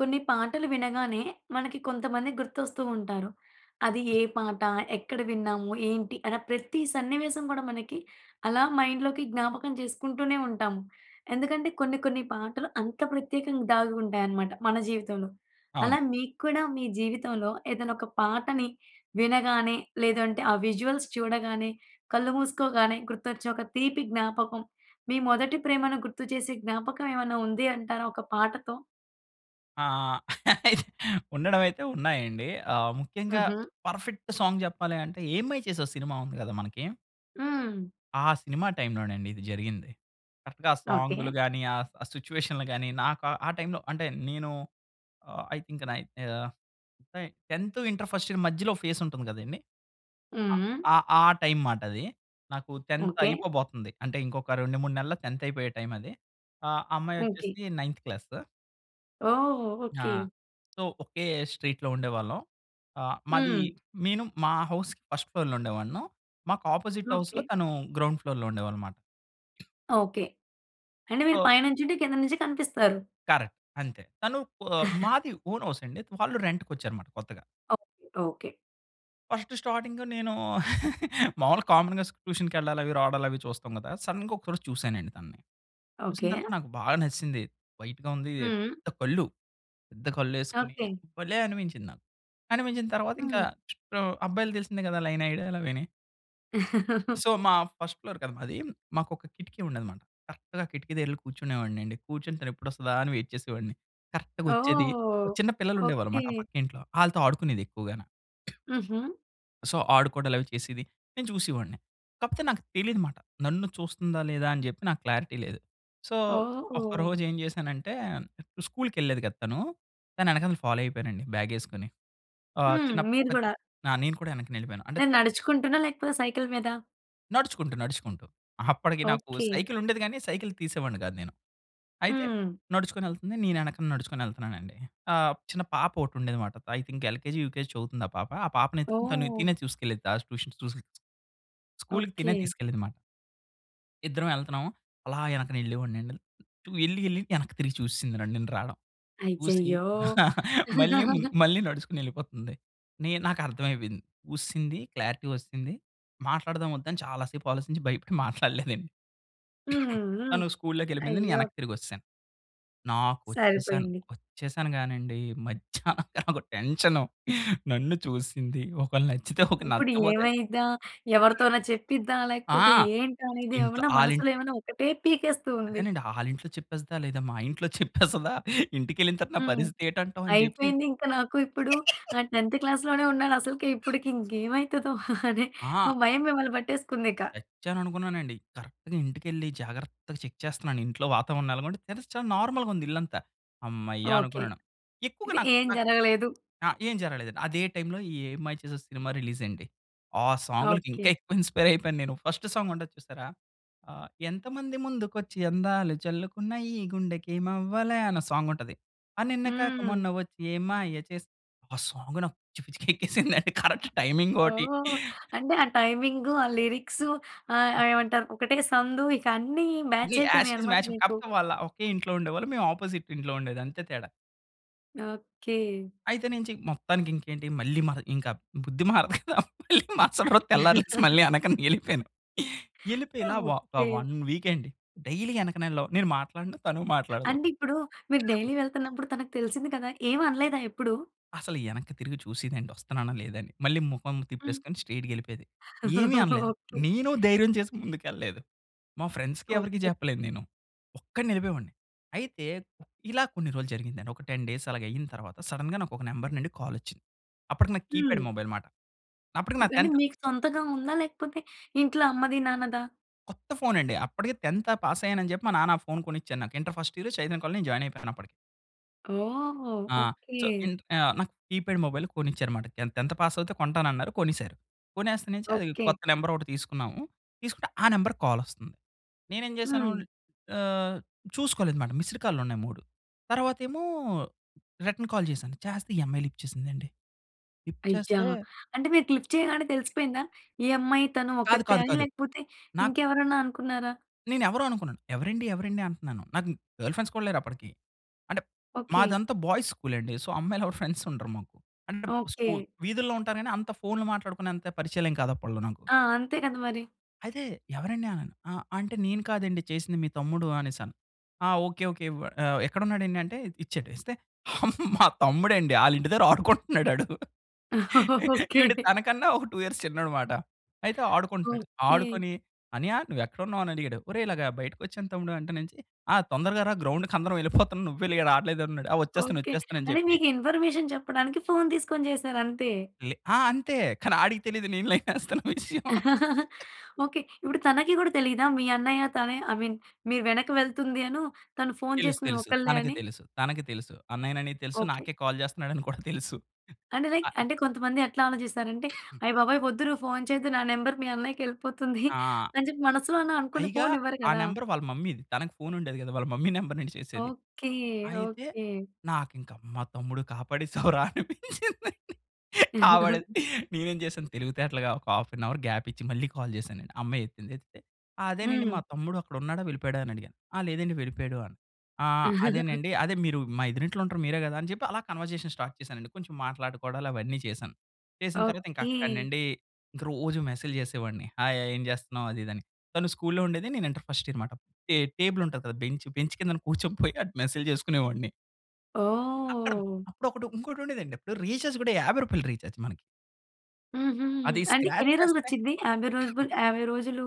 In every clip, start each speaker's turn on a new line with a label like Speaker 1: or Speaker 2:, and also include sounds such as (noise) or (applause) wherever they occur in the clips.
Speaker 1: కొన్ని పాటలు వినగానే, మనకి కొంతమంది గుర్తొస్తూ ఉంటారు. అది ఏ పాట, ఎక్కడ విన్నాము, ఏంటి అన ప్రతి సన్నివేశం గూడా మనకి అలా మైండ్‍లోకి జ్ఞాపకం చేసుకుంటూనే ఉంటాము. ఎందుకంటే కొన్ని, కొన్ని పాటలు అంత ప్రత్యేకంగా దాగుంటాయన్నమాట మన జీవితంలో.
Speaker 2: అవును.
Speaker 1: అలా మీక్కూడా మీ జీవితంలో ఏదైనా ఒక పాటని వినగానే లేదంటే, ఆ విజువల్స్ చూడగానే, కళ్ళు మూసుకోగానే గుర్తొచ్చే ఒక తీపి జ్ఞాపకం, మీ మొదటి ప్రేమను గుర్తు చేసే జ్ఞాపకం ఏమైనా ఉంది అంటారా ఒక పాటతో?
Speaker 2: ఆ! (laughs) ఉండడం అయితే ఉన్నాయండి. ఆ ముఖ్యంగా
Speaker 1: హుహు.
Speaker 2: పర్ఫెక్ట్ సాంగ్ చెప్పాలి అంటే, 'ఏం మాయ చేశావే' సినిమా ఉంది గదా మనకి.
Speaker 1: హ్మ్.
Speaker 2: ఆ సినిమా టైంలో నండి ఇది జరిగింది. కరెక్ట్‌గా ఆ
Speaker 1: ఓకే.
Speaker 2: సాంగ్‌లు గాని, ఆ ఆ సిట్యుయేషన్‌లు గాని నాకు ఆ టైంలో అంటే నేను ఆహ్, ఐ థింక్ నైన్త్ ఆహ్, అంటే 10థ్ ఇంటర్ ఫస్ట్ ఇయర్ మధ్యలో ఓ ఫేస్ ఉంటుంది గదండీ! ఆహ్,
Speaker 1: హ్మ్.
Speaker 2: ఆ ఆ టైం మాట అది. నాకు 10థ్
Speaker 1: ఓకే.
Speaker 2: అయిపోబోతుంది. అంటే ఇంకొక 2, 3 నెలలు 10థ్ అయిపోయే టైం అది. ఆ
Speaker 1: ఓకే.
Speaker 2: అమ్మాయొచ్చేసి నైన్త్ క్లాస్.
Speaker 1: ఓహ్!
Speaker 2: ఆ!
Speaker 1: ఓకే.
Speaker 2: సో, ఒకే స్ట్రీట్‌లో ఉండేవాళ్ళం. ఆహ్, మాది
Speaker 1: హ్మ్.
Speaker 2: నేను మా హౌస్‌కి ఫర్స్ట్ ఫ్లోర్‌లో ఉండేవాను. మాకు అపోజిట్ హౌస్‌లో
Speaker 1: ఓకే.
Speaker 2: తను గ్రౌండ్ ఫ్లోర్‌లో ఉండేవాళ్ళుమాట.
Speaker 1: ఓకే. అంటే, మీరు
Speaker 2: సో
Speaker 1: పైనుంచుంటే కింద నుంచి కనిపిస్తారు.
Speaker 2: కరెక్ట్‌ అంతే. తను ప
Speaker 1: (chuckles)
Speaker 2: మాది ఓన్ హౌస్ అండి. వాళ్ళు రెంట్‌కొచ్చారన్నమాట కొత్తగా.
Speaker 1: Okay, okay.
Speaker 2: ఫస్ట్ స్టార్టింగ్ నేను (chuckles) మామూలుగా కామన్‌గా స్ ట్యూషన్‌కి వెళ్ళాలి అవి, రావడాలి అవి చూస్తాం కదా! సడెన్‌గా ఒకసారి చూసానండి తనని. చూసిన
Speaker 1: ఓకె.
Speaker 2: తర్వాత నాకు బాగా నచ్చేసింది. వైట్‌గా ఉంది,
Speaker 1: హ్మ్.
Speaker 2: పెద్ద కళ్ళు పెద్ద కళ్ళేసుకొని
Speaker 1: ఓకె.
Speaker 2: భలే అనిపించింది నాకు. అనిపించిన తర్వాత ఇంకా
Speaker 1: హ్మ్.
Speaker 2: చుట్టూ ఆహ్, అబ్బాయిలకి తెలిసిందే కదా! లైన్ ఏయడాలవీని.
Speaker 1: (chuckles)
Speaker 2: సో, మా ఫస్ట్ ఫ్లోర్ కదా మాది. మాకు ఒక కిటికీ ఉండేది అన్నమాట. కరెక్ట్‌గా కిటికీ దగ్గర వెళ్లి కూర్చునేవాడిని అండి. కూర్చొని తను ఎప్పుడు వస్తదా అని వెయిట్ చేసేవాడిని. కరెక్ట్‌గొచ్చేది,
Speaker 1: ఓహ్!
Speaker 2: ఆహ్, చిన్న పిల్లలుండేవాళ్ళు
Speaker 1: ఓకె.
Speaker 2: అన్నమాట ఆ పక్కింట్లో, ఆళ్ళతో ఆడుకునేది ఎక్కువగా‌నా
Speaker 1: హుహు.
Speaker 2: సో, ఆడుకోవడా‌లవి చేసేది, నేను చూసేవాడిని. కాకపోతే నాకు తెలీదనమాట నన్ను చూస్తుందా? లేదా? అని చెప్పి నాకు క్లారిటీ లేదు. సో,
Speaker 1: ఓహ్!
Speaker 2: ఒక్కరోజేం చేశానంటే స్కూల్‌కెళ్ళేది కదా! తనూ. తను ఎనకాల నేను ఫాలో అయిపోయానండి బ్యాగేసుకొని. ఆహ్,
Speaker 1: హ్మ్.
Speaker 2: చిన్నప్పుడు
Speaker 1: మీరు
Speaker 2: ఒకత్
Speaker 1: గుడా!
Speaker 2: ఆ! నేను కూడా వెనక్క నెళ్ళిపోయాను. అంటే
Speaker 1: నేను
Speaker 2: త
Speaker 1: నడుచుకుంటున్నా? లేకపోతే సైకిల్ మీదా?
Speaker 2: నడుచుకుంటూ, నడుచుకుంటూ. అప్పటికి నాకు
Speaker 1: ఓకె.
Speaker 2: సైకిల్ ఉండేది గానీ, సైకిల్ తీసేవాడిని కాదు నేను. అయితే
Speaker 1: హ్మ్.
Speaker 2: నడుచుకొనెళ్తుంది. నేనెనకన నడుచుకొని వెళ్తున్నానండి. ఆహ్, చిన్న పాప ఒకటి ఉండేది అనమాట ఐ థింక్ ఎల్‌కె‌‌జి, యుకెజి చదువుతుంది ఆ పాప. ఆ పాపని ఎత్తుకొని తను తినే
Speaker 1: ఓహ్!
Speaker 2: చూసుకెళ్ళి‌ది తా ట్యూషన్స్ ట్యూషన్స్‌కి స్కూల్‌కి తినే
Speaker 1: ఓకె.
Speaker 2: తీసుకెళ్ళేది అనమాట. ఇద్దరం ఎళ్తున్నాము. అలా వెనక వెళ్ళేవాడినండి ఎళ్లి, ఎళ్లి వెనక్కి తిరిగి చూసేసిందండి నన్ను, నేను రావడం. చూసి
Speaker 1: అయ్యయ్యో!
Speaker 2: (chuckles) మళ్ళీ ము
Speaker 1: (chuckles)
Speaker 2: మళ్ళీ నడుచుకొని వెళ్ళిపోతుంది. నేను నాకు అర్థమైపోయింది, చూసేసింది క్లారిటీ వచేసింది మాట్లాడదా‌మా, వద్దా అని చాలా సేపు ఆలోచించి భయపడి మాట్లాడలేదండి.
Speaker 1: హ్మ్.
Speaker 2: (coughs)
Speaker 1: హ్మ్.
Speaker 2: తను స్కూల్‌లోకి వెళ్ళిపోయింది,
Speaker 1: అయ్యో!
Speaker 2: నేనెనక్కి తిరిగొచ్చేసాను. నాకు వచ్చేసాను,
Speaker 1: సరిపోయింది.
Speaker 2: వచ్చేసాను గానండి మధ్యాహ్నం (chuckles) నాకు టెన్షను నన్ను చూసేసింది ఒకవేళ్ళ నచ్చితే ఓకె,
Speaker 1: ఇప్పుడు
Speaker 2: నచ్చకపోతే?
Speaker 1: ఏమైద్దా? ఎవరితోన చెప్పిద్దా? లేకపోతే
Speaker 2: ఆ!
Speaker 1: ఏంటా అనేది,
Speaker 2: ఇంట్లో
Speaker 1: ఏమైనా మనసులో
Speaker 2: ఆళ్ళింట్లో
Speaker 1: ఏమైనా ఒకటే పీకేస్తూ ఉంది.
Speaker 2: అదేనండి ఆళ్ళింట్లో చెప్పేస్తదా? లేదా? మా ఇంట్లో చెప్పేస్తదా? ఇంటికెళ్ళిన తర్వాత నా
Speaker 1: హ్మ్.
Speaker 2: పరిస్థితి ఏంటి అంటావు అని చెప్పి.
Speaker 1: అయిపోయింది ఇంక నాకు ఇప్పుడు నా
Speaker 2: (laughs)
Speaker 1: 10థ్ క్లాస్‌లోనే ఉన్నాను అసలకి, ఇప్పటికి ఇంకా ఏమైతదో? (giggles) అని, ఆ
Speaker 2: ఆ!
Speaker 1: భయం మిమ్మల్ని పట్టేసుకుందిక.
Speaker 2: చచ్చాననుకున్నానండి. కరెక్ట్‌గా ఇంటికెళ్ళి జాగ్రత్తగా చెక్ చేస్తున్నాను. ఇంట్లో వాతావరణం ఎలాగుంది, తెరిస్తే చాలా నార్మల్‌గా ఉంది ఇల్లంతా. హమ్మయ్య!
Speaker 1: ఓకె.
Speaker 2: అనుకున్నాను. ఎక్కువగా
Speaker 1: అయితే
Speaker 2: నాక్
Speaker 1: ఏం
Speaker 2: నాక్
Speaker 1: జరగలేదు.
Speaker 2: ఆ! ఏం జరగలేదండి. అదే టైంలో ఈ 'ఏం మాయ చేసావె' సినిమా రిలీజ్ అయింది. ఆ సాంగులకి ఇంకా
Speaker 1: ఓకె.
Speaker 2: ఎక్కువ ఇన్స్పైర్ అయిపోయాను నేను. ఫస్ట్ సాంగ్ ఉంటది చూసారా? ఆహ్, ఎంతమంది ముందుకు వచ్చి అందాలు చల్లుకున్నా ఈ గుండెకేమవ్వాలా అనొ సాంగ్ ఉంటది. అ! నిన్నగాక
Speaker 1: హ్మ్.
Speaker 2: మొన్న వచ్చి ఏం మాయ చేసావే ఆ సాంగ్ నాకు పిచ్చి పిచ్చిగ ఎక్కేసింది. కరెక్ట్ టైమింగోటి.
Speaker 1: ఓహ్! అంటే ఆ టైమింగు, ఆ లిరిక్సు ఆహ్, ఆహ్, ఏమంటారు, ఒకటే సందు ఇక అన్ని
Speaker 2: ఈ
Speaker 1: మ్యాచ్
Speaker 2: యాజ్
Speaker 1: అయిపోయినాయి
Speaker 2: ఇట్ ఈజ్
Speaker 1: అన్నమాట
Speaker 2: మ్యాచ్.
Speaker 1: మీకు.
Speaker 2: కాకపోతే వాళ్ళ ఒకే ఇంట్లో ఉండేవాళ్ళు మేము ఆపోజిట్ ఇంట్లో ఉండేదంతే తేడా.
Speaker 1: ఓకే.
Speaker 2: అయితే నేను చెయ్ మొత్తానికి ఇంకేంటి మళ్ళీ మహ ఇంక బుద్ధి మారదు కదా! మళ్ళీ మరసట రోజు తెల్లారి లేచి
Speaker 1: (giggles)
Speaker 2: మళ్ళీ వెనకన ఎళ్ళిపోయాను. ఎళ్ళిపోయి ఇలా వ ఒక
Speaker 1: ఓకే.
Speaker 2: 1 వీక్ అండి. డైలీ ఎనకన ఎళ్ళడం. నేను మాట్లాడను. తను మాట్లాడదు.
Speaker 1: అంటే ఇప్పుడు మీరు
Speaker 2: (coughs)
Speaker 1: డైలీ వెళ్తన్నప్పుడు తనకి తెలిసింది కదా! ఏం అనలేదా ఎప్పుడు?
Speaker 2: అసలు ఎనక్కి తిరిగి చూసేదండి వస్తన్నానా లేదా అని. మళ్ళీ ముఖం
Speaker 1: హ్మ్.
Speaker 2: తిప్పేసుకొని స్ట్రెయిట్‌గేళ్ళిపోయేది. ఏమీ
Speaker 1: (chuckles)
Speaker 2: అనలేదు.
Speaker 1: ఓకే.
Speaker 2: నేను ధైర్యం చేసి ముందుకు ఎళ్ళలేదు. మా ఫ్రెండ్స్‌కి ఎవరికీ
Speaker 1: ఓకే.
Speaker 2: చెప్పలేను నేను. ఒక్కడినే ఎళ్ళిపోయేవాడిని. అయితే ఇలా కొన్ని రోజులు జరిగిందండి. ఒక 10 డేస్ అలాగైయిన తర్వాత, సడెన్‌గా నాకు ఒక నంబర్ నుండి కాల్ వచ్చింది. అప్పటికి నాకు కీప్యాడ్
Speaker 1: హ్మ్.
Speaker 2: మొబైల్ మాట. అప్పటికి నా
Speaker 1: ఓకె. అంటే
Speaker 2: 10థ్
Speaker 1: మీకు సొంతగా ఉందా? లేకపోతే ఇంట్లో అమ్మది నాన్నదా?
Speaker 2: కొత్త ఫోన్ అండి. అప్పటికి 10థ్ పాస్ అయ్యాను అని చెప్పి, మా నాన్న ఆ ఫోన్ కొనిచ్చాడు నాకు. ఇంటర్ ఫస్ట్ ఇయర్ చైతన్య కాలేజీలో నేను జాయిన్ అయిపోయాను అప్పటికి.
Speaker 1: ఓహ్!
Speaker 2: ఆ!
Speaker 1: ఓకే.
Speaker 2: సో, ఇంట్ ఆ! నాకు కీప్యాడ్ మొబైల్ కొనిచ్చారు మాట. నేను 10థ్ పాస్ అవుతే కొంటానన్నారు. కొనేసారు. కొనేస్తా నుంచి అది
Speaker 1: ఓకే.
Speaker 2: కొత్త నెంబర్ ఒకటి తీసుకున్నాము. తీసుకుంటే ఆ నంబర్‌కి కాల్ వస్తంది. నేనేం చేసాను?
Speaker 1: హ్మ్.
Speaker 2: ఆహ్, చూసుకోలేదుమాట. మిస్డ్ కాల్‌లు ఉన్నాయి 3 తర్వాతేమో రిటర్న్ కాల్ చేసాను చేస్తే, ఈ అమ్మాయి లిఫ్ట్ చేసిందండి. లిఫ్ట్
Speaker 1: అయ్యా!
Speaker 2: చేస్తే
Speaker 1: అంటే మీరు క్లిక్ చేయగానే తెలిసిపోయిందా? ఈ అమ్మాయి తను
Speaker 2: కాదు.
Speaker 1: ఒకత్తే
Speaker 2: కాదు.
Speaker 1: అని?
Speaker 2: కాదు.
Speaker 1: లేకపోతే
Speaker 2: నాక్
Speaker 1: ఇంకెవరన్నా అనుకున్నారా?
Speaker 2: నేను ఎవరో అనుకున్నాను. ఎవరండి? ఎవరండి? అంటన్నాను. నాకు ఇంక్ గర్ల్ ఫ్రెండ్స్ కూడా లేరు అప్పటికి. అంటే,
Speaker 1: ఓకే.
Speaker 2: మాదంతా బాయ్స్ స్కూల్ అండి. సో, అమ్మాయిలు ఎవరు ఫ్రెండ్స్ ఉండరు మాకు. అంటే స్కూ
Speaker 1: ఓకే.
Speaker 2: వీధుల్లో ఉంటారు కానీ, అంత ఫోన్‌లు మాట్లాడుకునే అంత పరిచయాలేం కాదు అప్పట్లో నాకు.
Speaker 1: ఆ! అంతే కద మరి.
Speaker 2: అయితే "ఎవరండి?" అన్నాను. ఆ! అంటే "నేను కాదండి చేసింది మీ తమ్ముడు" అనేసాను. ఆ! Okay okay. వ ఆహ్, "ఎక్కడ ఉన్నాడండి?" అంటే ఇచ్చాడు. ఇస్తే మా తమ్ముడండి, ఆళ్ళ ఇంటి దగ్గర ఆడుకుంటున్నాడు ఆడు.
Speaker 1: ఓకె.
Speaker 2: ఈడు తనకన్నా ఒక 2 ఇయర్స్ చిన్నోడన్నమాట. అయితే ఆడుకుంటున్నాడు.
Speaker 1: ఓకె.
Speaker 2: ఆడుకొని "అన్నయ్య, నువ్వెక్కడున్నావు?" అని అడిగాడు. "ఒరేయ్! ఇలాగా బయటకొచ్చాను తమ్ముడు ఇంటినించి, ఆ! తొందరగా రా గ్రౌండ్‌కందరం ఎళ్ళిపోతున్నాం. నువ్వే లె రట్లేదన్నాడు. ఆ! ఒచ్చేస్తాను
Speaker 1: ఓకె.
Speaker 2: ఒచ్చేస్తాను" అని
Speaker 1: అంటే
Speaker 2: జెప్పి.
Speaker 1: మీకు ఇన్ఫర్మేషన్ చెప్పడానికి ఫోన్ తీసుకొని జెసారు అంతే.
Speaker 2: వెళ్ళి ఆ! అంతే. కానీ ఆడికి తెలీదు నేను లైనెస్తున్న విషయం.
Speaker 1: (chuckles) ఓకె. ఇప్పుడు తనకి గూడా తెలీదా? మీ అన్నయ్య తనే అయ్ మీన్ మీరు వెనక్కి వెళ్తుందీను, తను ఫోన్
Speaker 2: తెలుసు
Speaker 1: చేసింది
Speaker 2: తెలుసు.
Speaker 1: ఒక్కల్లే
Speaker 2: తనకి
Speaker 1: అని.
Speaker 2: తెలుసు. తనకి తెలుసు. అన్నయ్యనని తెలుసు.
Speaker 1: ఓకె.
Speaker 2: నాకే కాల్ చేస్తున్నాడు అని కూడా తెలుసు.
Speaker 1: అంటే లైక్
Speaker 2: అ
Speaker 1: అంటే కొంతమంది ఎట్లా ఆలోచిస్తారంటే
Speaker 2: (coughs)
Speaker 1: అయ్‌ బాబోయ్! వద్దు నువ్వు ఫోన్ చెయ్యొద్దు, నా నంబర్ మీ అన్నయ్యకెళ్ళిపోతుంది (chuckles)
Speaker 2: ఆ!
Speaker 1: అని చెప్పి మనసులో అన అనుకుని
Speaker 2: పైగా
Speaker 1: ఫోన్ ఇవ్వరు
Speaker 2: ఆ
Speaker 1: గదా!
Speaker 2: నెంబర్ వాళ్ళ మమ్మీది. తనకి ఫోన్ ఉండేది గాదు. వాళ్ళ మమ్మీ నెంబర్ నుండి చేసేది.
Speaker 1: ఓకె.
Speaker 2: అయితే
Speaker 1: ఓకె.
Speaker 2: నాకింక మా తమ్ముడు కాపాడేసావురా అనిపించిందండి. కాపాడేది
Speaker 1: (chuckles)
Speaker 2: నేనేం చేశాను తెలివితేటలుగా ఒక హాఫ్ అన్ అవర్ గ్యాపిచ్చి మళ్ళీ కాల్ చేశాను నేను. ఆ అమ్మాయి ఎత్తింది. ఎత్తితే "అదేనండి మా
Speaker 1: హ్మ్.
Speaker 2: తమ్ముడు అక్కడున్నాడా వెళ్ళిపోయాడా?" అని అడిగా. "ఆ! లేదండి వెళ్ళిపోయాడు." అన్నా "ఆ!
Speaker 1: (chuckles)
Speaker 2: అదేనండి అదే మీరు మా ఎద్దరింట్లో ఉంటారు మీరే గదా!" అని జెప్పి అలా కన్వర్జేషన్ స్టార్ట్ చేశానండి. కొంచెం మాట్లాడుకోవడాలు అవన్నీ చేశాను. చేసిన తర్వాత ఇంక
Speaker 1: ఓకె.
Speaker 2: అక్కడ్నుండి ఇంక రోజు మెసేజ్‌లు చేసేవాడిని. "హాయ్ హాయ్ ఏం జెస్తున్నావు?" అది ఇది అని. తను స్కూల్‌లో ఉండేది నేను ఇంటర్ ఫస్ట్ ఇయర్ అన్నమాట. టే టేబుల్ ఉంటది గదా! బెంచ్, బెంచ్ కింద కూర్చొ పోయి మెసేజ్‌లు చేసుకునేవాడిని. అక్కడ
Speaker 1: ఓహ్!
Speaker 2: అప్పుడు ఒకటి ఇంకోటి ఉండేది అండి అప్పుడు రీచార్జ్ కూడా 50 రూపాయలు రీచార్జ్ మనకీ.
Speaker 1: హుహు.
Speaker 2: అది
Speaker 1: అంటే
Speaker 2: స్క్రాచ్
Speaker 1: ఎన్ని
Speaker 2: చేస్తే.
Speaker 1: రోజులోచ్చిది 50 రోజులు
Speaker 2: (coughs)
Speaker 1: 50 రోజులు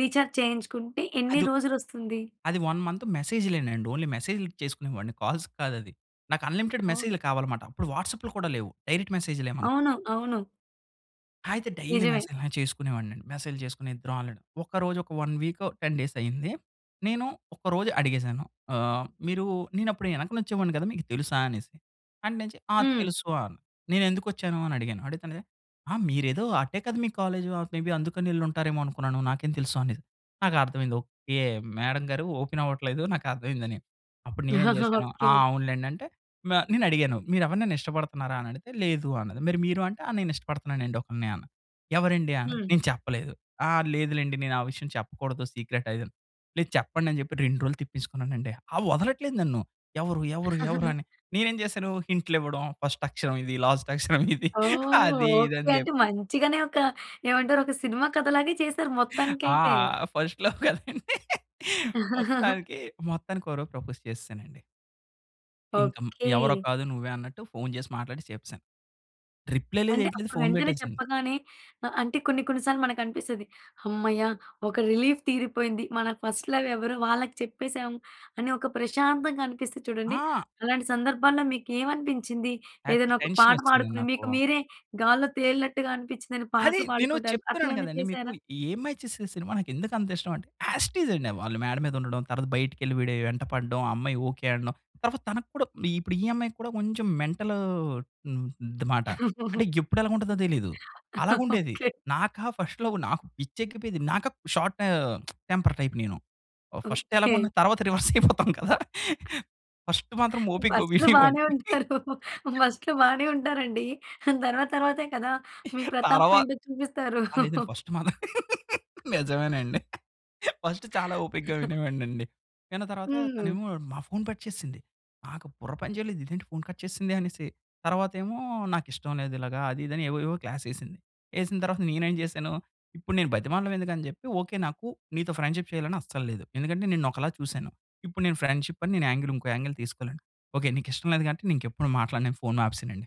Speaker 1: రీచార్జ్ చేయించుకుంటే ఎన్ని
Speaker 2: అదు
Speaker 1: రోజులు ఓస్తుంది?
Speaker 2: అది 1 మంత్ మెసేజ్‌లే అండి. ఓన్లీ మెసేజ్‌లు చేసుకునే వాడిని కాల్స్ కాదది. నాకు అన్లిమిటెడ్
Speaker 1: ఓహ్!
Speaker 2: మెసేజ్‌లు కావాలి‌మాట అప్పుడు వాట్సాప్‌లు కూడా లేవు డైరెక్ట్ మెసేజ్‌లే మనక్
Speaker 1: అవునా? అవును.
Speaker 2: అయితే డైలీ
Speaker 1: నిజమే.
Speaker 2: మెసేజ్‌లా చేసుకునేవాడినండి. మెసేజ్‌లు చేసుకునే ఇద్దరం ఆల్రెడి, ఒక రోజు ఒక 1 వీకు, 10 డేస్ అయింది నేను ఒక రోజు అడిగేసాను, ఆహ్, మీరు "నేను అప్పుడు ఎనక వచ్చేవాడిని కదా! మీకు తెలుసా?" అనేసి. అంటేనెంచి "ఆ!
Speaker 1: హ్మ్.
Speaker 2: తెలుసు" అన్ "నేనేందుకొచ్చాను" అని అడిగాను, అడిగితే‌ అనాది "ఆ! మీరేదో ఆటే కదా! మీ కాలేజు మే బీ అందుకనేళ్ళుంటారేమో అనుకున్నాను నాకేం తెలుసు?" అనాది. నాకు అర్థం అయ్యింది "ఓకే మేడమ్ గారు ఓపెన్ అవ్వట్లేదు నాకు అర్థమైందని", అప్పుడు నేను ఏమి
Speaker 1: (chuckles)
Speaker 2: చేశాను, "ఆ!
Speaker 1: ఓకే.
Speaker 2: అవునులెండి" అంటే న నేను అడిగాను "మీరు ఎవరినైనా ఇష్టపడుతున్నారా?" అని అడిగితే "లేదు" అన్నది. మరీ మీరు అంటే "ఆ! నేను ఇష్టపడుతున్నాను అండి ఒక‌లిని" ఆన‌ను. "ఎవరండి" అనాది.
Speaker 1: హ్మ్.
Speaker 2: నేను చెప్పలేదు "ఆ! లేదు లెండి నేను ఆ విషయం చెప్పకూడదు సీక్రెట్ ఆది" అని. "లేదు చెప్పండి" అని చెప్పి 2 రోజులు తిప్పించుకున్నానండి. ఆ వదలట్లేదు నన్ను. "ఎవరు? ఎవరు? ఎవరు?" అని
Speaker 1: (chuckles)
Speaker 2: నేను ఏమి చేశాను హింట్‌లు ఇవ్వడం, ఫస్ట్ అక్షరం ఇది, లాస్ట్ అక్షరం ఇది
Speaker 1: ఓహ్!
Speaker 2: అది ఇది
Speaker 1: ఓకే
Speaker 2: అని
Speaker 1: అంటే
Speaker 2: చెప్పి
Speaker 1: మంచిగానే ఒక ఏమంటారు ఒక సినిమా కథ లాగే చేసారు
Speaker 2: ఆ!
Speaker 1: మొత్తానికైతే.
Speaker 2: ఫస్ట్ లవ్ కదండి.
Speaker 1: (chuckles)
Speaker 2: మొత్తానికి మొత్తానికి ఒక రోజు ప్రపోజ్ చేసేసానండి. ఇంకం ఎవరో
Speaker 1: ఓకె.
Speaker 2: కాదు నువ్వే అన్నట్టు ఫోన్ చేసి మాట్లాడి చెప్పేసాను. రిప్లై లేదు
Speaker 1: అంటే
Speaker 2: యేటిలేదు
Speaker 1: అప్పుడు
Speaker 2: ఫోన్
Speaker 1: వెంటనే
Speaker 2: పెట్టేసింది.
Speaker 1: చెప్పగానే అ అంటే కొన్ని కొన్ని సార్లు మనకనిపిస్తది. "హమ్మయ్య! ఒక రిలీఫ్ తీరిపోయింది. మన ఫస్ట్ లవ్ ఎవరో వాళ్ళకి చెప్పేసాము" అని ఒక ప్రశాంతంగా అనిపిస్తది చూడండి.
Speaker 2: ఆ!
Speaker 1: అలాంటి సందర్భాల్లో మీకు ఏమనిపించింది?
Speaker 2: యాక్చువలీ
Speaker 1: ఏదైనా ఒక
Speaker 2: టెన్షన్
Speaker 1: పాట
Speaker 2: వచ్చేసిందండి
Speaker 1: పాడుకుని
Speaker 2: నాకు.
Speaker 1: మీకు మీరే 'గాల్లో తేలినట్టుగా' అనిపించిందని
Speaker 2: అది
Speaker 1: పాటలు
Speaker 2: నేను
Speaker 1: పాడుకోవడాలు అట్ల
Speaker 2: చెప్తున్నాను
Speaker 1: ఏమన్నా
Speaker 2: కదండి! మీకు
Speaker 1: చేశారా?
Speaker 2: ఈ 'ఏం మాయ చేసావే' సినిమా నాకు ఎందుకు అంత ఇష్టం అంటే. యాస్ ఇట్ ఇస్ అండి వాళ్ళు మేడ మీద ఉండడం, తర్వాత బయటికెళ్లి వీడే వెంట పడడం, ఆ అమ్మాయి ఓకె అనడం. తర్వాత తనకు కూడా ఇప్పుడు ఈ అమ్మాయి కూడా కొంచెం మెంటల్ హ్మ్ అది మాట. అంటే
Speaker 1: (chuckles)
Speaker 2: ఎప్పుడు ఎలాగుంటదో తెలియదు, అలాగా
Speaker 1: (chuckles)
Speaker 2: ఉండేది.
Speaker 1: ఓకె.
Speaker 2: నాకా ఫస్ట్ లవ్ నాకు పిచ్చి ఎక్కిపోయేది. నాకు అప్ షార్టు (smacks lips) టెంపర్ టైప్ నేను. First
Speaker 1: okay.
Speaker 2: ఎలాగున్న తర్వాత రివర్స్ అయిపోతాం కదా! ఫస్ట్ మాత్రం ఓపికగా
Speaker 1: ఫస్ట్‌లో
Speaker 2: వినేవాడిని.
Speaker 1: బానే ఉంటారు.
Speaker 2: (laughs)
Speaker 1: ఫస్ట్‌లో బానే ఉంటారండి. తర్వాత తర్వాతే కదా! మీ
Speaker 2: తర్వా
Speaker 1: ప్రతాపమేంటో చూపిస్తారు.
Speaker 2: ఆ! లేదండి. ఫస్ట్ మాత్రం (laughs) నిజమేనండి, ఫస్టు చాలా ఓపికగా
Speaker 1: (giggles)
Speaker 2: వినేవాడినండి. విన్న తర్వాత
Speaker 1: హ్మ్.
Speaker 2: తనేమో నా ఫోన్ కట్ చేసింది. నాకు బుర్ర పని చేయలేదు "ఇదేంటి ఫోన్ కట్ చేసింది" అనేసి. తర్వాత ఏమో "నాకిష్టం లేదు ఇలాగా అది ఇది" అని ఏవో ఏవో క్లాస్ ఎసింది. ఎసిన తర్వాత నేను ఏం చేశాను, ఇప్పుడు నేను బ్రతిమాలడం ఎందుకు అని చెప్పి, "ఓకె నాకు నీతో ఫ్రెండ్‌షిప్ చేయాలి అని అస్సలు లేదు. ఎందుకంటే నిన్ను ఒకలా చూసాను. ఇప్పుడు నేను ఫ్రెండ్‌షిప్ అని నేను యాంగిల్ ఇంకో యాంగిల్ తీసుకోలేను. ఓకే నీకు ఇష్టం లేదు కాబట్టి నేను ఇంకెప్పుడు మాట్లాడను" అని ఫోన్ ఆపేసానండి.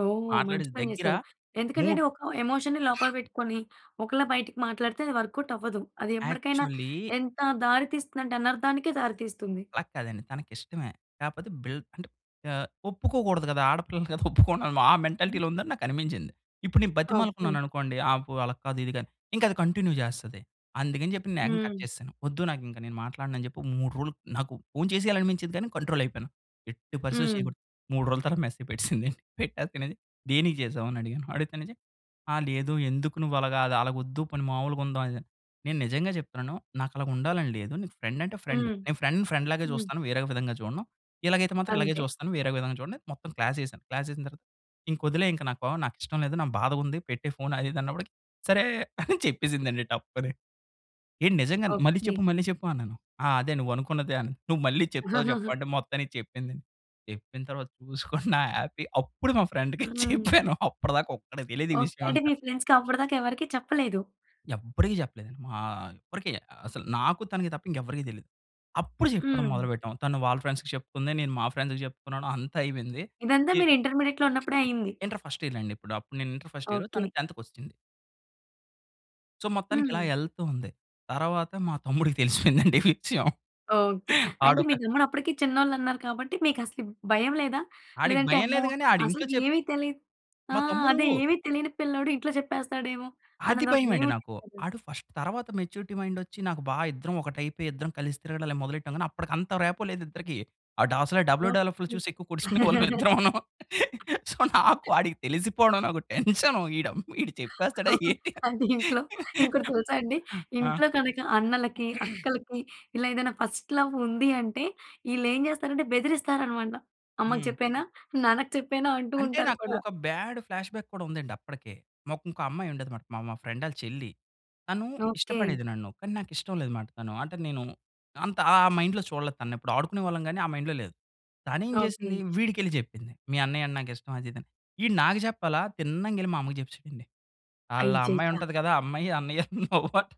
Speaker 1: ఓహ్! మంచి
Speaker 2: మాట్లాడేసి
Speaker 1: పని
Speaker 2: దగ్గర
Speaker 1: జేసారు. ఎందుకంటే అండీ
Speaker 2: 3
Speaker 1: ఒక ఎమోషన్‌ని లోపల పెట్టుకొని, ఒకలా బయటికి మాట్లాడితే అది వర్క్‌ఔట్ అవ్వదు. అది ఎప్పటికైనా
Speaker 2: యాక్చువల్లీ
Speaker 1: ఎంత దారి తీస్తుందంటే అనర్థనికే దారి తీస్తుంది.
Speaker 2: అలా కాదండి తనకిష్టమే. కాకపోతే బిల్ అంటే ఆహ్, ఒప్పుకోకూడదు గదా! ఆడపిల్లలు కదా! (chuckles) ఒప్పుకోను అని, ఆ మెంటాలిటీలో ఉందని నాకనిపించింది. ఇప్పుడు నేను
Speaker 1: ఓకే.
Speaker 2: బతిమాలుకున్నాననుకోండి, ఆ పొ అలా కాదు ఇది గాని ఇంక అది కంటిన్యూ జేస్తది. అందుగని జెప్పి నేను ఏకంగా కట్
Speaker 1: హ్మ్.
Speaker 2: చేస్సాను. వద్దు నాకు ఇంక నేను మాట్లాడను అని జెప్పి, ఓ 3 రోజులు నాకు ఫోన్ చేసేయాలి అనిపించేది గానీ కంట్రోల్ అయిపోయాను. ఎట్టి పరిస్థితిలో
Speaker 1: హ్మ్.
Speaker 2: చేయగూడదు. 3 రోజుల తర్వాత మెసేజ్ పెట్టేసింది (chuckles) అండీ. పెట్టాకన్నాది దేనికి జేసావు? అని, అడిగాను. అడిగితేనేంచి, "ఆ! లేదు ఎందుకు నువ్వలాగా అది అలగొద్దు పోని మామూలుగుందాం అది ఇది" అని, "నేను నిజంగా జెప్తున్నాను. నాకలాగా ఉండాలని లేదు. నీకు ఫ్రెండ్ అంటే ఫ్రెండు.
Speaker 1: హ్మ్.
Speaker 2: నేను ఫ్రెండ్ ఫ్రెండ్‌లాగే
Speaker 1: హ్మ్.
Speaker 2: జూస్తాను. వేరే విధంగా జూడను. ఇలాగైతే మాత్రం ఇలాగే
Speaker 1: అంతే.
Speaker 2: జూస్తాను. వేరే విధంగా జూడను" అని మొత్తం క్లాస్ యేశాను. క్లాస్ యేసిన తర్వాత, "ఇంకొదిలే ఇంక. నాకో నాకిష్టం లేదు నాకు బాధగుంది. పెట్టే ఫోన్ అది ఇది" అన్నప్పడికి, "సరే" (chuckles) అని చెప్పేసిందండి టప్ అని. "ఏంటి నిజంగానే! మళ్ళి
Speaker 1: ఓకే.
Speaker 2: చెప్పు, మళ్ళి చెప్పు" అన్నాను. "ఆ! అదే నువ్వనుకున్నదే" అని. "నువ్వు మళ్ళీ చెప్తావా
Speaker 1: (chuckles)
Speaker 2: జెప్పవా!" అంటే మొత్తానికి చెప్పిందండి. చెప్పిన తర్వాత చూసుకోండి నా హ్యాపీ అప్పుడు మా ఫ్రెండ్‌కి
Speaker 1: హ్మ్.
Speaker 2: చెప్పాను అప్పటి దాకా ఒక్కడికి తెలీదు ఈ
Speaker 1: ఓకే.
Speaker 2: విషయం
Speaker 1: అంటే
Speaker 2: అంతా.
Speaker 1: మీ ఫ్రెండ్స్‌కి అప్పడి దాకా ఎవరికీ చెప్పలేదు.
Speaker 2: ఎవడికీ చెప్పలేదు. మా ఎవ్వరికి అసలు నాకు తనకి తప్ప ఇంకెవ్వరికీ తెలీదు. అప్పుడు జెప్పడం
Speaker 1: హ్మ్.
Speaker 2: మొదలు పెట్టాం. తను వాళ్ళ ఫ్రెండ్స్‌కి చెప్పుకుంది, నేను మా ఫ్రెండ్స్‌కి జెప్పుకున్నాను అంతా అయిపోయింది.
Speaker 1: ఇదంతా
Speaker 2: ఇ
Speaker 1: మీరు ఇంటర్మీడియేట్‌లో ఉన్నప్పుడే అయింది.
Speaker 2: ఇంటర్ ఫస్ట్ ఇయర్‌లో అండి. ఇప్పుడు అప్పుడు నేను ఇంటర్ ఫస్ట్ ఇయర్, తను
Speaker 1: ఓకే.
Speaker 2: టెన్త్‌కొచ్చింది. సో, మొత్తానికి ఇలా
Speaker 1: హ్మ్.
Speaker 2: ఏళ్తూ ఉంది. తర్వాత మా తమ్ముడికి తెలిసిపోయిందండి ఈ విషయం.
Speaker 1: ఓకె. అంటే
Speaker 2: ఆడొక
Speaker 1: మీ తమ్ముడు అప్పటికి చిన్నోలు అన్నారు కాబట్టి, మీకు అసలు భయం లేదా?
Speaker 2: ఆడికి
Speaker 1: లేదంటే,
Speaker 2: భయం
Speaker 1: అమ్మో!
Speaker 2: లేదు గాని, ఆడు ఇంట్లో చెప్ప
Speaker 1: అసలుకేమి తెలియదు ఆ!
Speaker 2: మా తమ్ముడు
Speaker 1: అదే ఏమి తెలియని పిల్లోడు ఇంట్లో చెప్పేస్తాడు ఏమో!
Speaker 2: అది
Speaker 1: అని ఒక భయం
Speaker 2: భయమండి నాకు.
Speaker 1: ఉండిద్ధి కదా!
Speaker 2: ఆడు ఫస్ట్ తరువాత, మెచ్యూరిటీ మైండ్ వచ్చి నాకు బా ఇద్దరం ఒకటి అయిపోయి, ఇద్దరం కలిసి తిరగడాలు అయి మొదలెట్టాం గాని. అప్పటికి అంత రాపో లేదు ఇద్దరికి. ఆడసలే డబెల్‌యూ డబెల్‌యూ ఎఫ్
Speaker 1: ఓకె.
Speaker 2: చూసి కొట్టేసుకునే వాళ్ళం
Speaker 1: (laughs)
Speaker 2: ఇద్దరమూను. సో, నాకు ఆడికి తెలిసిపోవడం నాకు టన్షను. ఈడు అం ఈడు చెప్పేస్తాడు ఏంటని.
Speaker 1: అది ఇంట్లో ఇంకోటి తెలుసా అండి.
Speaker 2: ఆ!
Speaker 1: ఇంట్లో కనుక అన్నలకి,
Speaker 2: (clears throat)
Speaker 1: అక్కలకి ఇలా ఏదైనా ఫస్ట్ లవ్ ఉంది అంటే, ఈళ్ళు ఏం చేస్తారంటే బెదిరిస్తారు అన్నమాట. "అమ్మకి
Speaker 2: హ్మ్.
Speaker 1: చెప్పేయనా? నాన్నకి చెప్పేయనా?" అంటూ
Speaker 2: అంటే
Speaker 1: ఉంటారు
Speaker 2: నాకు
Speaker 1: కూడా.
Speaker 2: ఒక బ్యాడ్ ఫ్లాష్‌బ్యాక్ కూడా ఉందండి అప్పటికే. మాకు ఇంకో అమ్మాయి ఉండేదనమాట, మా మా ఫ్రెండ్ ఆళ్ళ చెల్లి. తను
Speaker 1: ఓకె.
Speaker 2: ఇష్టపడేది నన్ను. కానీ, నాకు ఇష్టం లేదనమాట తను. అంటే నేను అంత ఆ! ఆ మైండ్‌లో చూడలేదు తనని. ఎప్పుడు ఆడుకునే వాళ్ళం కానీ, ఆ మైండ్‌లో లేదు. తను ఏం
Speaker 1: ఓకె.
Speaker 2: చేసింది, వీడికెళ్ళి చెప్పింది. మీ అన్నయ్య అంటే నాకు ఇష్టం అది, ఇది అని. ఈడు నాకు చెప్పాలా? తిన్నంగెళ్ళి మా అమ్మకి చెప్పెసాడండి. "ఆళ్ళ ఆ అమ్మాయి
Speaker 1: అయ్యయ్య!
Speaker 2: ఉంటది కదా! ఆ అమ్మాయి అన్నయ్య లవ్ అంట."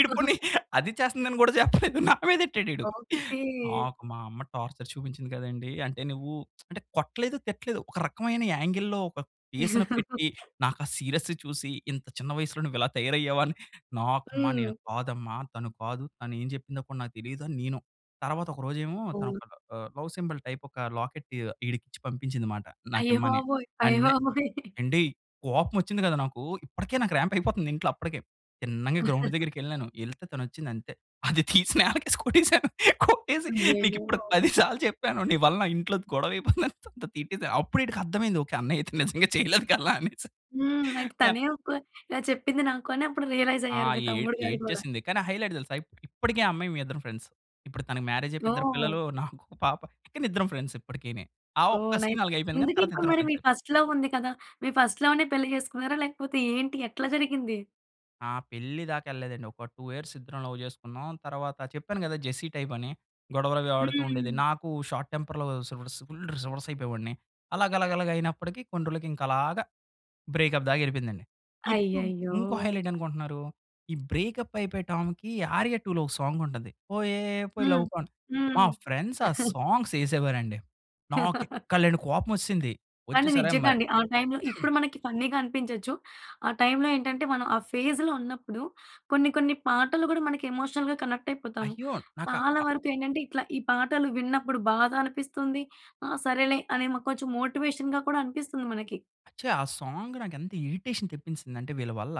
Speaker 2: ఈడు పోనీ అది చేస్తుందని కూడా చెప్పలేదు, నా మీదెట్టాడు ఈడు.
Speaker 1: ఓకె.
Speaker 2: నాకు, మా అమ్మ టార్చర్ చూపించింది కదండీ! అంటే నువ్వు (smacks lips) అంటే కొట్టలేదు, తిట్టలేదు, ఒక రకమైన యాంగిల్‌లో ఒక ఫేస్‌ని పెట్టి,
Speaker 1: (laughs)
Speaker 2: నాకు ఆ సీరియస్ చూసి, "ఇంత చిన్న వయసులో నువ్వు ఇలా తయారయ్యావు" అని. నాకమ్మ నేను
Speaker 1: హ్మ్.
Speaker 2: కాదమ్మా, తను కాదు, తను ఏమి చెప్పిందో నాకు తెలియదని నేను. తర్వాత ఒక రోజు ఏమో, తను
Speaker 1: అవును.
Speaker 2: ఒక ఆహ్, లవ్ సింబాల్ టైప్ ఒక లాకెట్ ఈడికి ఇచ్చి పంపించిందినమాట
Speaker 1: అయ్య
Speaker 2: నాకిమ్మని.
Speaker 1: బాబోయ్! అయ్య
Speaker 2: అండ్ నె
Speaker 1: బాబోయ్! (chuckles)
Speaker 2: ఏండి కోపం వచ్చింది కదా నాకు, ఇప్పటికే నాకు రాంప్ అయిపోతుంది నాకు ఇంట్లో అప్పటికే. తిన్నంగా గ్రౌండ్
Speaker 1: (chuckles)
Speaker 2: దగ్గరికెళ్ళాను. ఏళ్తే తను వచ్చింది అంతే. అది తీసి నేలకేసి కొట్టేసాను. కొట్టేసి నీకు
Speaker 1: అయ్యయ్యో!
Speaker 2: ఇప్పుడు 10 సార్లు చెప్పాను, నీ వల్ల నా ఇంట్లో గొడవ అయిపోయింది తిట్టేసాను. అప్పుడు ఈడికి అర్థమైంది ఓకె. అన్నయ్య అయితే నిజంగా చేయలేదు కదా! అనేసి
Speaker 1: హ్మ్. అంటే
Speaker 2: యన్
Speaker 1: తనే ఒప్పుకో ఇలా చెప్పింది నాకు అని అప్పుడు రియలైజ్
Speaker 2: ఆ!
Speaker 1: అయ్యారు. మీ
Speaker 2: ఏ
Speaker 1: తమ్ముడు గారు కూడా.
Speaker 2: ఏడ్చేసింది. కానీ హైలైట్ తెలుసా! ఇ ఇప్పటికి ఆ అమ్మాయి మేము ఇద్దరు ఫ్రెండ్స్. ఇప్పుడు తనకి మ్యారేజ్ అయిపోయి ఇద్దరు
Speaker 1: ఓహ్!
Speaker 2: పిల్లలు. నాకు ఒక పాప. కానీ ఇద్దరం ఫ్రెండ్స్. ఇప్పటికీని. ఆ
Speaker 1: ఓహ్!
Speaker 2: ఒక్క
Speaker 1: నైస్.
Speaker 2: సీన్ అలాగయిపోయింది. కానీ,
Speaker 1: ఇందుకి
Speaker 2: తర్వాత
Speaker 1: ఇప్పుడు
Speaker 2: ఇద్దరు
Speaker 1: మరి మీ
Speaker 2: ఫ్రెండ్సే.
Speaker 1: ఫస్ట్ లవ్ ఉంది కదా! మీ ఫస్ట్ లవ్‌నే పెళ్లి చేసుకున్నారా? లేకపోతే ఏంటి? ఎట్లా జరిగింది?
Speaker 2: నా పెళ్లి దాకెళ్ళలేదండి. ఒక 2 ఇయర్స్ ఇద్దరం లవ్ చేసుకున్నాం. తర్వాత చెప్పాను కదా! జెస్సీ టైపని గొడవలవి ఆడుతూ ఉండేది.
Speaker 1: హ్మ్.
Speaker 2: నాకు షార్ట్ టెంపర్‌లో సస్ ఫుల్ రివర్స్ అయిపోయేవాడిని. అలా గలాగలాగ అయినప్పటికీ కొన్ని రోజులకి ఇంకా అలాగ బ్రేకప్ దాక వెళ్ళిపోయిందండి. ఇప్పుడు
Speaker 1: అయ్యయ్యో!
Speaker 2: ఇంకో హైలైట్ ఏంటనుకుంటున్నారు. ఈ బ్రేకప్ అయిపోయే టామ్‌కి ఆర్య 2 లొ ఒక సాంగ్ ఉంటది. 'పోయే పోయే
Speaker 1: హ్మ్.
Speaker 2: లవ్ గాన్' మా
Speaker 1: హ్మ్.
Speaker 2: ఫ్రెండ్స్ ఆ
Speaker 1: (chuckles)
Speaker 2: సాంగ్స్ వేసేవారండి. నాకు
Speaker 1: (laughs)
Speaker 2: ఎక్కలేని కోపం వచ్చేసింది. వచ్చి
Speaker 1: కానీ
Speaker 2: సరే
Speaker 1: నిజంగా
Speaker 2: మరి
Speaker 1: అండి. ఆ టైమ్‌లో ఇప్పుడు మనకి ఫన్నీగా అనిపించొచ్చు. ఆ టైమ్‌లో ఏంటంటే మనం ఆ ఫేజ్‌లో ఉన్నప్పుడు కొన్ని కొన్ని పాటలు కూడా మన ఎమోషనల్‌గా కనెక్ట్ అయిపోతాము.
Speaker 2: అయ్యో! నాకా
Speaker 1: చాలా
Speaker 2: అ
Speaker 1: వరకు ఏంటంటే ఇట్లా ఈ పాటలు విన్నప్పుడు బాధనిపిస్తుంది. ఆ సరేలే అని కొంచెం మోటివేషన్‍గా కూడా అనిపిస్తుంది మనకి.
Speaker 2: అచ్చా! ఆ సాంగ్ నాకు ఎంత ఇరిటేషన్ తెప్పించేసిందంటే వీళ్ళ వల్ల,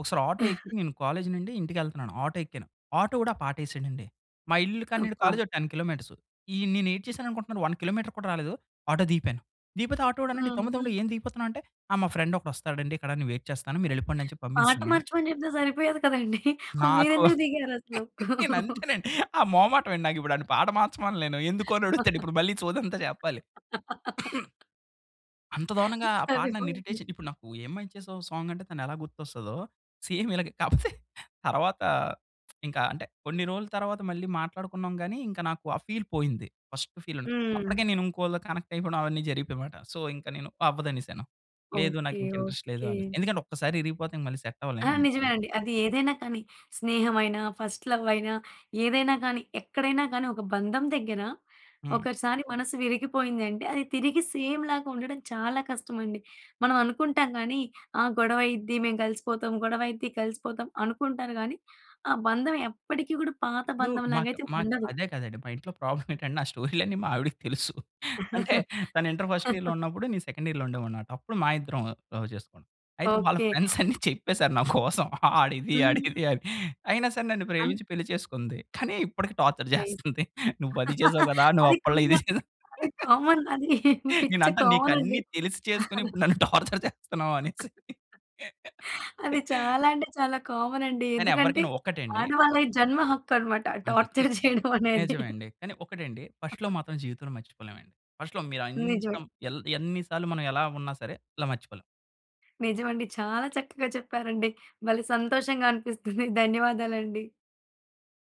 Speaker 2: ఒకసారి ఆటో ఎక్కి
Speaker 1: (chuckles)
Speaker 2: నేను కాలేజ్ నుండి ఇంటికి వెళ్తున్నాను. ఆటో ఎక్కాను. ఆటో వాడు ఆ! పాటేసాడండి. మా ఇల్లు కాన్నుండి
Speaker 1: అబ్బా!
Speaker 2: కాలేజ్ ఒక 10 కిలోమీటర్స్. ఈ నేనేటి చేశానుకుంటున్నరు 1 కిలోమీటర్ కూడా రాలేదు. ఆటో దిగిపాను. దిగిపోతే ఆటో వాడన్నాడు "తమ్ముడు తమ్ముడు
Speaker 1: హ్మ్.
Speaker 2: ఏం దిగిపోతున్నావు" అంటే ఆ! మా ఫ్రెండ్ ఒకడు వస్తాడండి. ఇక్కడ నేను వెయిట్ చేస్తాను. మీరు వెళ్ళిపొండని చెప్పి
Speaker 1: పాట
Speaker 2: పంపించాసానాన్ని.
Speaker 1: మార్చమని చెప్తే సరిపోయేది కదండి. (chuckles)
Speaker 2: నాకు
Speaker 1: మీరెందుకు దిగారసలు?
Speaker 2: నేనంతేనండి ఆ
Speaker 1: (chuckles)
Speaker 2: మొమాటమండి. నాకిప్పుడు వాడ్ని పాట మార్చమనలేను. ఎందుకు? అని అడుగుతాడు ఇప్పుడు మళ్ళీ సోదంతా చెప్పాలి. (coughs)
Speaker 1: (laughs)
Speaker 2: అంత దారుణంగా. ఆ పాట నన్ను
Speaker 1: సరిపోయింది.
Speaker 2: ఇరిటేషన్ ఇప్పుడు నాకు 'ఏం మయా చేసావే' సాంగ్ అంటే తనెలా గుర్తొస్తదో, సేమ్ ఇలాగే కాకపోతే (chuckles) తర్వాత ఇంకా అంటే కొన్ని రోజుల తర్వాత మళ్ళీ మాట్లాడుకున్నాం. కానీ ఇంక నాకు ఆ ఫీల్ పోయింది. ఫస్ట్ ఫీల్ ఉన్న అప్పటికే
Speaker 1: హ్మ్.
Speaker 2: నేను ఇంకొకరితో కనెక్ట్ అయిపోవడం అవన్నీ జరిగిపోయాయన్నమాట. సో ఇంకా నేను అవ్వదనేసాను. లేదు
Speaker 1: ఓకే.
Speaker 2: నాకింకా ఇంట్రెస్ట్ లేదు
Speaker 1: ఓకే.
Speaker 2: అని, ఎందుకంటే ఒక్కసారి విరిగిపోతే మళ్ళీ సెట్
Speaker 1: ఆ!
Speaker 2: అవ్వలేనేను.
Speaker 1: నిజమేనండి. అది ఏదైనా కానీ స్నేహం అయినా, ఫస్ట్ లవ్ అయినా ఏదైనా కానీ ఎక్కడైనా కానీ ఒక బంధం దగ్గర,
Speaker 2: హ్మ్.
Speaker 1: ఒకసారి మనసు విరిగిపోయిందంటే అది తిరిగి సేమ్ లాగా ఉండడం చాలా కష్టమండి. మనం అనుకుంటాం కానీ ఆ! గొడవయిద్ది మేము కలిసిపోతాం, గొడవయిద్ది కలిసిపోతాం అనుకుంటారు. కానీ ఆ బంధం ఎప్పటికి కూడా పాత
Speaker 2: ఇప్పుడూ
Speaker 1: బంధంలాగా
Speaker 2: మాకు
Speaker 1: అయితే
Speaker 2: మాకు
Speaker 1: ఉండదు.
Speaker 2: అదే కదండి మా ఇంట్లో ప్రాబ్లమ్ ఏంటంటే నా స్టోరీలన్నీ మా ఆవిడకి తెలుసు. అంటే తను ఇంటర్ ఫస్ట్ ఇయర్‌లో
Speaker 1: (laughs)
Speaker 2: ఉన్నప్పుడు నేను సెకండ్ ఇయర్‌లో ఉండేవాన్నిమాట. అప్పుడు మా ఇద్దరం లవ్ చేసుకున్నాం. అయితే వాళ్ళ
Speaker 1: ఓకే.
Speaker 2: ఫ్రెండ్స్ అన్ని చెప్పేసారు. నా కోసం వాడిది, ఆడిది
Speaker 1: హ్మ్.
Speaker 2: అని. అయినా సరే నన్ను
Speaker 1: అన్
Speaker 2: ప్రేమించి పెళ్లి చేసుకుంది. కానీ ఇప్పటికి టార్చర్
Speaker 1: నైస్.
Speaker 2: చేస్తుంది. నువ్వు అది చేసావు కదా! నువ్వు
Speaker 1: అది
Speaker 2: అప్పట్లో ఇది
Speaker 1: కామన్
Speaker 2: చేసావు.
Speaker 1: అది కామన్ అది. పిచ్చ
Speaker 2: నేనంటా
Speaker 1: కామనండి.
Speaker 2: నీకన్ని తెలిసి చేసుకొని ఇప్పుడు నన్ను టార్చర్ చేస్తున్నావనేసి.
Speaker 1: అది చాలా అంటే చాలా కామనండి.
Speaker 2: కానీ
Speaker 1: ఎందుకంటే
Speaker 2: ఎవరికైనా ఒక్కటండి.
Speaker 1: ఆడవాళ్ళకి జన్మ హక్కన్నమాట ఆ!
Speaker 2: అంతే కానీ
Speaker 1: టార్చర్ చేయడమనేది.
Speaker 2: నిజమే అండి. కానీ ఒకటండి ఫస్ట్ లవ్ మాత్రం జీవితంలో మర్చిపోలేమండి. ఫస్ట్ లవ్ మీరు
Speaker 1: నిజమే.
Speaker 2: ఎంకం ఎన్ని సార్లు మనం ఎలా ఉన్నా సరే, ఇలా మర్చిపోలేం.
Speaker 1: నిజమండి. చాలా చక్కగా చెప్పారండి. భలే సంతోషంగా అనిపిస్తుంది. ధన్యవాదాలండి.